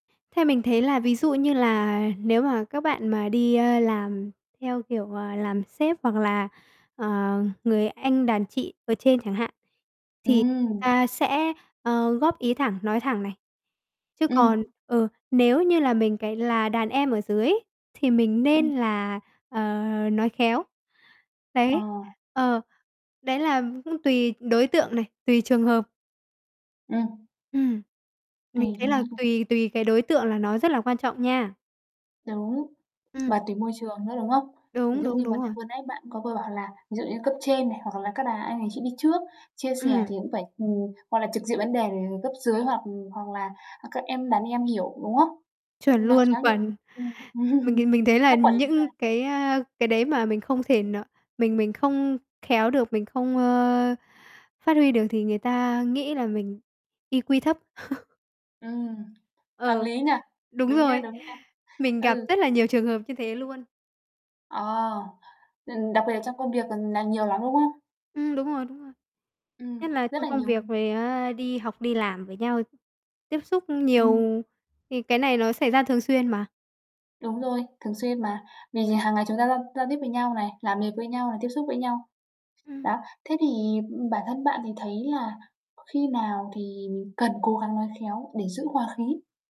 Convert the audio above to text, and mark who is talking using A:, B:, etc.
A: Theo mình thấy là ví dụ như là nếu mà các bạn mà đi, ơ, làm theo kiểu, ờ, làm sếp hoặc là, ờ, người anh đàn chị ở trên chẳng hạn, thì người
B: Ừm.
A: ta sẽ, ờ, góp ý thẳng, nói thẳng này. Chứ
B: Ừm!
A: còn, ờ, nếu như là mình cái là đàn em ở dưới ấy, thì mình
B: Ừm.
A: nên là, ờ, nói khéo. Đấy,
B: Ờ.
A: ờ, đấy là cũng tùy đối tượng này, tùy trường hợp.
B: Ừm.
A: Ừm,
B: Tuỳ
A: mình thấy
B: đúng
A: là
B: [unintelligible]
A: tùy tùy cái đối tượng là nó rất là quan trọng nha.
B: Đúng,
A: Ừm.
B: và tùy môi trường nữa, đúng không? Ví
A: Đúng,
B: dụ
A: đúng,
B: như
A: đúng
B: vấn đề
A: rồi.
B: vừa nãy bạn có vừa bảo là ví dụ như cấp trên này hoặc là các bà, anh đàn chị đi trước, chia sẻ
A: Ừm.
B: thì cũng phải ừm, hoặc là trực diện vấn đề, ừm, cấp dưới hoặc hoặc là, à, các em, đàn em hiểu, đúng không?
A: Chuẩn
B: Nó
A: luôn,
B: khá nhiều
A: chuẩn.
B: ừm,
A: Mình thì mình thấy là
B: cấp quản
A: nh
B: lý mà.
A: những cái, a, cái đấy mà mình không thể n mình mình không khéo được, mình không, ơ, phát huy được thì người ta nghĩ là mình IQ thấp.
B: Ừm, hợp
A: Ờ,
B: lý nhỉ?
A: đúng
B: Đúng nha,
A: rồi.
B: đúng nha.
A: Mình gặp
B: Ừ.
A: rất là nhiều trường hợp như thế luôn.
B: Ờ, ừm, đặc biệt là trong công việc c nà nhiều lắm, đúng không?
A: Ừm, đúng rồi, đúng rồi.
B: Ừm,
A: Nhất là
B: rất
A: trong
B: là
A: công
B: nhiều.
A: việc với, a, đi học đi làm với nhau, tiếp xúc
B: Ừm.
A: nhiều thì cái này nó xảy ra thường xuyên mà.
B: Đúng rồi, thường xuyên mà, vì hàng ngày chúng ta giao giao tiếp với nhau này, làm việc với nhau, tiếp xúc với nhau.
A: Ừm.
B: Đó, thế thì, ừm, bản thân bạn thì thấy là khi nào thì cần cố gắng nói khéo để giữ hoà khí?